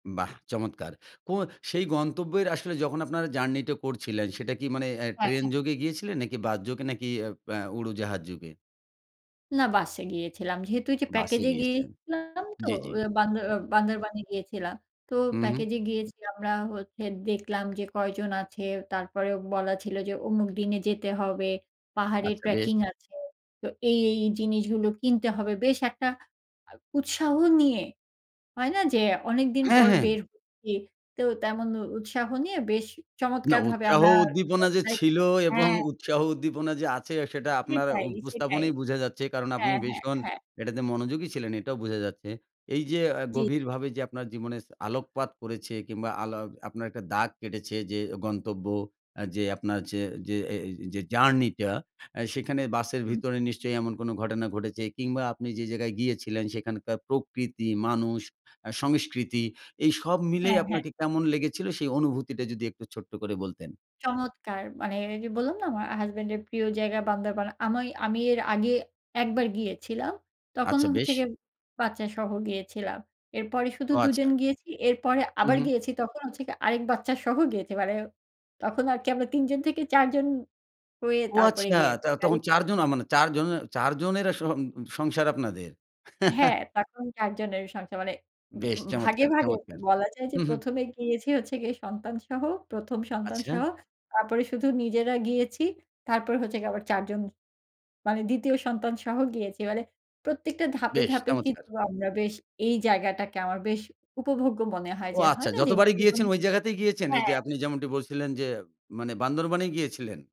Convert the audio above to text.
বাহ চমৎকার! কো সেই গন্তব্যের আসলে যখন আপনারা জার্নি টা করছিলেন, সেটা কি মানে অ্যা হ্যাঁ, ট্রেন হ্যাঁ। যোগে গিয়েছিলেন? নাকি বাসযোগে? নাকি আ আ উড়োজাহাজ যোগে? না বাসে গিয়েছিলাম, যেহেতু ওই যে বাসে প্যাকেজে গিয়েছিলেন। গিয়েছিলাম তো, জি, জি। বান্দর আ বান্দরবানে গিয়েছিলাম। তো হু, হু। প্যাকেজে গিয়েছি আমরা হচ্ছে দেখলাম যে কয়জন আছে। তারপরেও বলা ছিল যে অমুক দিনে যেতে হবে, পাহাড়ে আচ্ছা বেশ। ট্র্যাকিং আছে, তো এই, এই জিনিসগুলো কিনতে হবে। বেশ একটা উৎসাহ নিয়ে, হয় না যে অনেকদিন হ্যাঁ, পর হ্যাঁ। বের হচ্ছি, তো তেমন উৎসাহ নিয়ে বেশ না, চমৎকারভাবে উৎসাহ আমরা উদ্দীপনা যে পৌছাই। ছিল এবং হ্যাঁ। উৎসাহ উদ্দীপনা যে আছে সেটা আপনার সেটাই, সেটাই। উপস্থাপনেই বুঝা যাচ্ছে। কারণ আপনি হ্যাঁ, হ্যাঁ, ভীষণ হ্যাঁ। এটাতে মনোযোগী ছিলেন। এটাও বুঝা যাচ্ছে। এই যে আ জি। গভীরভাবে যে আপনার জীবনে আলোকপাত করেছে কিংবা আলো আপনার একটা দাগ কেটেছে যে গন্তব্য অ্যা যে আপনার যে যে এ এ যে জার্নি টা আ সেখানে বাসের হুম। ভিতরে নিশ্চয়ই এমন কোন ঘটনা ঘটেছে। কিংবা আপনি যে জায়গায় গিয়েছিলেন সেখানকার প্রকৃতি, মানুষ, আ সংস্কৃতি এই সব হ্যাঁ, মিলিয়ে হ্যাঁ। আপনাকে কেমন লেগেছিল? সেই অনুভূতিটা যদি একটু ছোট্ট করে বলতেন। চমৎকার মানে, এই যে বললাম না আমার হাসব্যান্ড এর প্রিয় জায়গা বান্দরবন। আমি আমি এর আগে ১ বার গিয়েছিলাম, তখন আচ্ছা হচ্ছে বেশ। গিয়ে বাচ্চা সহ গিয়েছিলাম। এরপরে শুধু ও ২ জন আচ্ছা। গিয়েছি এরপরে হু, আবার হু। গিয়েছি তখন হচ্ছে কি আরেক বাচ্চা সহ গিয়েছি। মানে তখন আর কি আমরা ৩ জন থেকে ৪ জন হয়ে ও তারপরে আচ্ছা, গিয়েছি। তা তখন [unintelligible] চারজনা মানে ৪ জনের ৪ জনের আসহ সং সংসার আপনাদের। হ্যাঁ তখন ৪ জনের সংসার মানে, বেশ ভাগে চমৎকার, ভাগে চমৎকার। বলা যায় যে হু, হু। ১ম এ গিয়েছি হচ্ছে গিয়ে সন্তান সহ, ১ম আচ্ছা। সন্তানসহ, তারপরে শুধু নিজেরা গিয়েছি। তারপরে হচ্ছে গিয়ে আবার ৪ জন মানে, ২য় সন্তানসহ গিয়েছি। মানে প্রত্যেকটা ধাপে, বেশ ধাপে চমৎকার। কিন্তু আমরা বেশ এই জায়গাটাকে আমার বেশ উপভোগ্য মনে হয় ও যে, আচ্ছা হয় না যে যতবারই জীবনে গিয়েছেন ওই জায়গাতেই গিয়েছেন? এই যে হ্যাঁ। আপনি যেমনটি বলছিলেন যে, মানে বান্দরবনে গিয়েছিলেন?